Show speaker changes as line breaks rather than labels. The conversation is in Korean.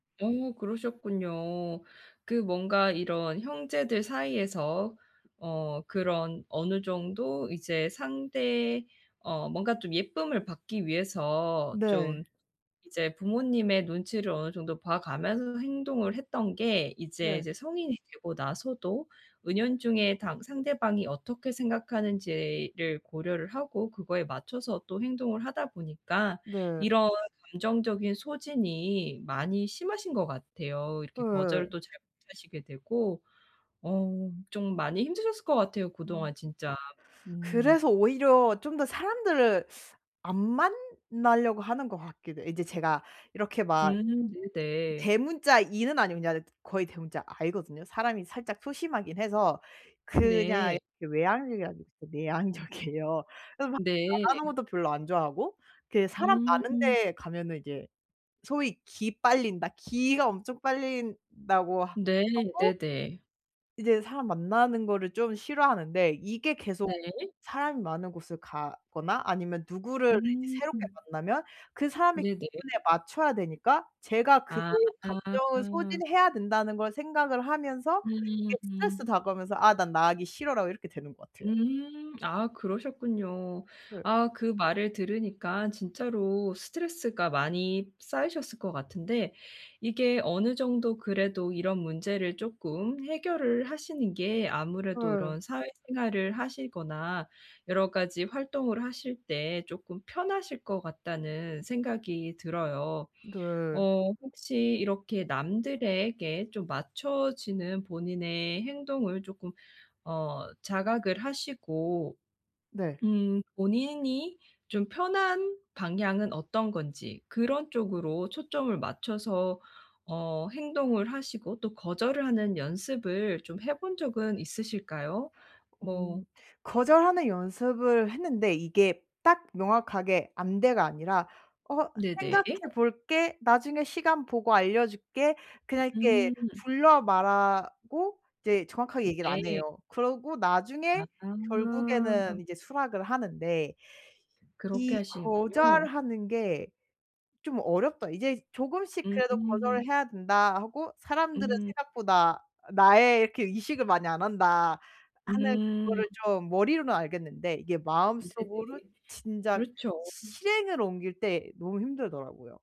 어 그러셨군요. 그 뭔가 이런 형제들 사이에서 어 그런 어느 정도 이제 상대 어 뭔가 좀 예쁨을 받기 위해서
네.
좀 이제 부모님의 눈치를 어느 정도 봐 가면서 행동을 했던 게 이제
네.
이제 성인이 되고 나서도 은연중에 당 상대방이 어떻게 생각하는지를 고려를 하고 그거에 맞춰서 또 행동을 하다 보니까
네.
이런 감정적인 소진이 많이 심하신 것 같아요. 이렇게
예예예.
거절도 잘 못 하시게 되고. 어 좀 많이 힘드셨을 것 같아요.
아.
그동안 진짜. 음.
그래서 오히려 좀 더 사람들을 안 만나려고 하는 것 같기도 이제 제가 이렇게 막
음. 네네.
대문자 E는 아니고 그냥 거의 대문자 I거든요. 사람이 살짝 소심하긴 해서 그냥
네.
이렇게 외향형이 아니고 내향적이에요. 그래서 막
네.
말하는 것도 별로 안 좋아하고 그 사람 많은
음.
데 가면은 이제 소위 "기 빨린다. 기가 엄청 빨린다."고 하
네.
하고
네네.
이제 사람 만나는 거를 좀 싫어하는데 이게 계속
네.
사람이 많은 곳을 가거나 아니면 누구를 이제 새롭게
음.
만나면 그 사람의
네네.
기분에 맞춰야 되니까 제가 그
아.
감정을 소진해야 된다는 걸 생각을 하면서 이게 스트레스로
음음.
다가오면서 '아 난 나가기 싫어'라고 이렇게 되는 것 같아요.
음. 아 그러셨군요.
네.
아 그 말을 들으니까 진짜로 스트레스가 많이 쌓이셨을 것 같은데 이게 어느 정도 그래도 이런 문제를 조금 해결을 하시는 게 아무래도
예.
이런 사회생활을 하시거나 여러가지 활동을 하실 때 조금 편하실 것 같다는 생각이 들어요.
네.
어 혹시 이렇게 남들에게 좀 맞춰지는 본인의 행동을 조금 어 자각을 하시고
네.
음 본인이 좀 편한 방향은 어떤 건지 그런 쪽으로 초점을 맞춰서 어 행동을 하시고 또 거절을 하는 연습을 좀 해 본 적은 있으실까요?
음
뭐
거절하는 연습을 했는데 이게 딱 명확하게 "안돼"가 아니라 "어 생각해
네네.
볼게. 나중에 시간 보고 알려줄게." 그냥 이렇게
음.
둘러 말하고 이제 정확하게
음
얘기를 안
네.
해요. 그러고 나중에
아하.
결국에는 이제 수락을 하는데.
그렇게
'이
하시는군요.
거절하는 게 좀 어렵다. 이제 조금씩 그래도
음.
거절을 해야 된다' 하고 '사람들은
음.
생각보다 나에 이렇게 의식을 많이 안 한다' 하는
음.
그거를 좀 머리로는 알겠는데 이게 마음속으로
네네.
진작
그렇죠.
시 실행으로 옮길 때 너무 힘들더라고요.